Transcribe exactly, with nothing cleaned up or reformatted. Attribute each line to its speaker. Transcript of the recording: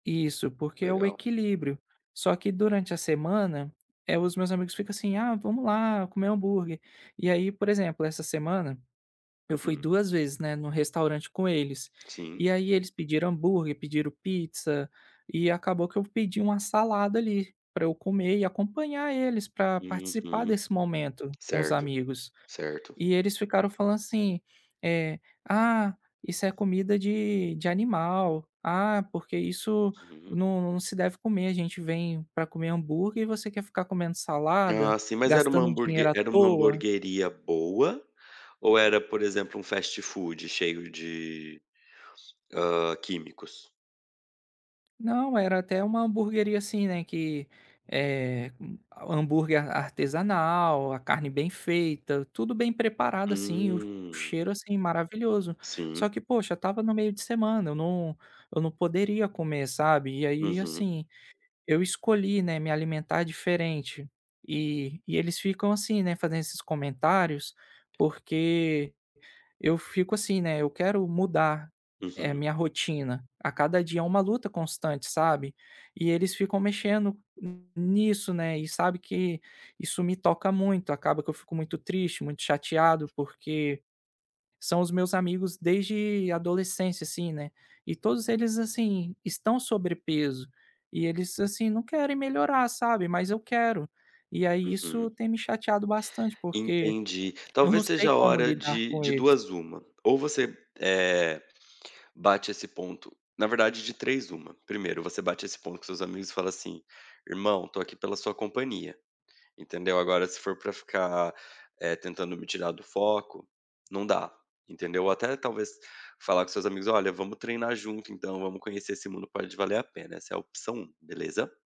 Speaker 1: Isso, porque é o
Speaker 2: Legal.
Speaker 1: equilíbrio, só que durante a semana, eh, os meus amigos ficam assim, ah, vamos lá comer hambúrguer. E aí, por exemplo, essa semana, eu fui
Speaker 2: Hum.
Speaker 1: duas vezes, né, no restaurante com eles,
Speaker 2: Sim.
Speaker 1: e aí eles pediram hambúrguer, pediram pizza, e acabou que eu pedi uma salada ali para eu comer e acompanhar eles para participar
Speaker 2: Uhum.
Speaker 1: desse momento com os
Speaker 2: Certo,
Speaker 1: amigos.
Speaker 2: certo.
Speaker 1: E eles ficaram falando assim, eh: "Ah, isso é comida de de animal, ah, porque isso
Speaker 2: Uhum.
Speaker 1: não não se deve comer, a gente vem para comer hambúrguer e você quer ficar comendo salada,
Speaker 2: Ah sim mas era uma
Speaker 1: gastando dinheiro
Speaker 2: hamburgue
Speaker 1: à
Speaker 2: era uma
Speaker 1: toa"?
Speaker 2: hamburgueria boa, ou era por exemplo um fastfood, cheio de, hã, químicos?
Speaker 1: Não, era até uma hamburgueria assim, né, que, eh, hambúrguer ar artesanal, a carne bem feita, tudo bem preparado assim, o
Speaker 2: Hum.
Speaker 1: cheiro assim maravilhoso. Só
Speaker 2: Sim.
Speaker 1: que poxa, estava no meio de semana, eu não eu não poderia comer sabe. E aí
Speaker 2: Uhum.
Speaker 1: assim, eu escolhi, né, me alimentar diferente. E e eles ficam assim, né, fazendo esses comentários, porque eu fico assim, né, eu quero mudar a
Speaker 2: Uhum.
Speaker 1: minha rotina a cada dia, eh, uma luta constante, sabe. E eles ficam mexendo nisso, né, e sabe que isso me toca muito, acaba que eu fico muito triste, muito chateado, porque são os meus amigos desde adolescência, assim, né. E todos eles assim estão sobrepeso, e eles, assim, não querem melhorar sabe. Mas eu quero. E aí isso
Speaker 2: Uhum.
Speaker 1: tem me chateado bastante porque
Speaker 2: Entendi,
Speaker 1: eu não
Speaker 2: talvez seja
Speaker 1: sei
Speaker 2: a
Speaker 1: como
Speaker 2: hora
Speaker 1: lidar
Speaker 2: de,
Speaker 1: com
Speaker 2: de
Speaker 1: eles.
Speaker 2: duas a uma, ou você, eh, bate esse ponto, na verdade de três uma, primeiro você bate esse ponto com os seus amigos e fala assim, irmão estou aqui pela sua companhia, entendeu, agora se for para ficar, eh, tentando me tirar do foco, não dá, entendeu. Até talvez falar com os seus amigos olha vamos treinar junto então vamos conhecer esse mundo, pode valer a pena, essa é a opção um, beleza?